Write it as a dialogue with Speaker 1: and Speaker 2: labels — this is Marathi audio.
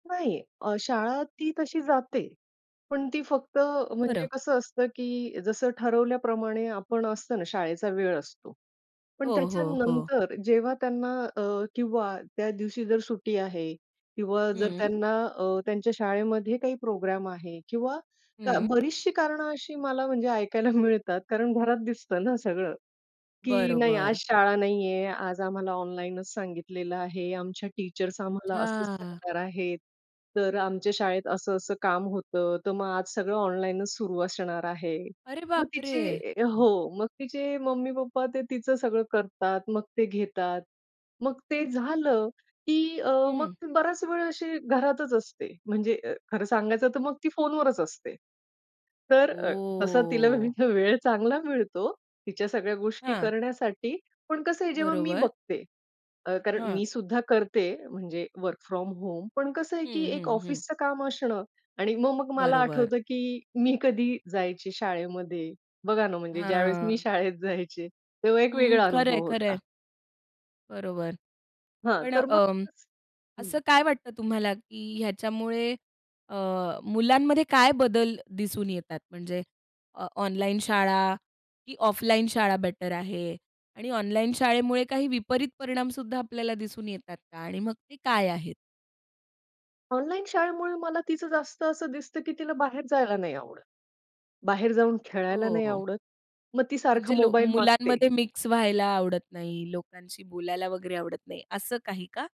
Speaker 1: नाही अ, शाळा ती तशी जाते. पण ती फक्त म्हणजे
Speaker 2: बरं.
Speaker 1: कसं असतं, की जसं ठरवल्याप्रमाणे आपण असतो ना, शाळेचा वेळ असतो. पण
Speaker 2: हो, हो, हो.
Speaker 1: त्याच्यानंतर जेव्हा त्यांना अ, किंवा त्या दिवशी जर सुट्टी आहे किंवा जर
Speaker 2: हं.
Speaker 1: त्यांना अ, त्यांच्या शाळेमध्ये काही प्रोग्राम आहे किंवा का
Speaker 2: हं.
Speaker 1: बरीचशी कारणं अशी मला म्हणजे ऐकायला मिळतात कारण घरात दिसतं ना सगळं. की नाही, आज
Speaker 2: बरोबर.
Speaker 1: शाळा नाहीये, आज आम्हाला ऑनलाइनचं सांगितलेलं आहे, आमच्या टीचर्स आम्हाला असंच
Speaker 2: अच्छा!
Speaker 1: सांगणार आहेत. तर आमच्या शाळेत असं, असं काम होतं, तर मग आज सगळं ऑनलाइनचं सुरू असणार आहे.
Speaker 2: अरे
Speaker 1: मग
Speaker 2: बाप रे!
Speaker 1: तिचे हो मग तिचे मम्मी-पप्पा ते तिचं सगळं करतात, मग ते घेतात. मग ते झालं की अ, मग
Speaker 2: हं.
Speaker 1: बराच वेळ अशी घरातच असते. म्हणजे अ, खरं सांगायचं तर मग ती फोनवरच असते. तर अ, तसा तिला
Speaker 2: ओ.
Speaker 1: वेळ चांगला मिळतो, तिच्या सगळ्या गोष्टी
Speaker 2: हां.
Speaker 1: करण्यासाठी, पण कसं आहे, जेव्हा मी
Speaker 2: बरोबर.
Speaker 1: बघते, अ, कारण
Speaker 2: हां.
Speaker 1: मी सुद्धा करते म्हणजे वर्क फ्रॉम होम. पण कसं आहे की
Speaker 2: हं,
Speaker 1: एक
Speaker 2: हं, हं.
Speaker 1: ऑफिसचं काम असणं आणि मग मग मला
Speaker 2: बरोबर.
Speaker 1: आठवतं की मी कधी जायची शाळेमध्ये, बघा ना म्हणजे ज्यावेळेस मी
Speaker 2: हां.
Speaker 1: शाळेत जायचे तेव्हा एक
Speaker 2: हं,
Speaker 1: वेगळा
Speaker 2: खरंय,
Speaker 1: अनुभव होता.
Speaker 2: खरंय. बरोबर,
Speaker 1: हां,
Speaker 2: पण
Speaker 1: तर मग
Speaker 2: अं,
Speaker 1: [unintelligible]
Speaker 2: असं
Speaker 1: हं.
Speaker 2: काय वाटतं तुम्हाला, की ह्याच्यामुळे अ, मुलांमध्ये काय बदल दिसून येतात? म्हणजे अ ऑनलाइन शाळा की ऑफलाइन शाळा बेटर आहे आणि ऑनलाइन शाळेमुळे काही विपरीत परिणाम सुद्धा आपल्याला दिसून येतात का? आणि मग ते काय आहेत?
Speaker 1: ऑनलाइन शाळेमुळे मला तीच जास्त असं दिसतं, की तिला बाहेर जायला नाही आवडत. बाहेर जाऊन खेळायला नाही
Speaker 2: हो.
Speaker 1: आवडत. मग ती सारखा
Speaker 2: म्हणजे लो
Speaker 1: मोबाईल मागते.
Speaker 2: मुलांमध्ये मिक्स व्हायला आवडत नाही, लोकांशी बोलायला वगैरे आवडत नाही असं काही का?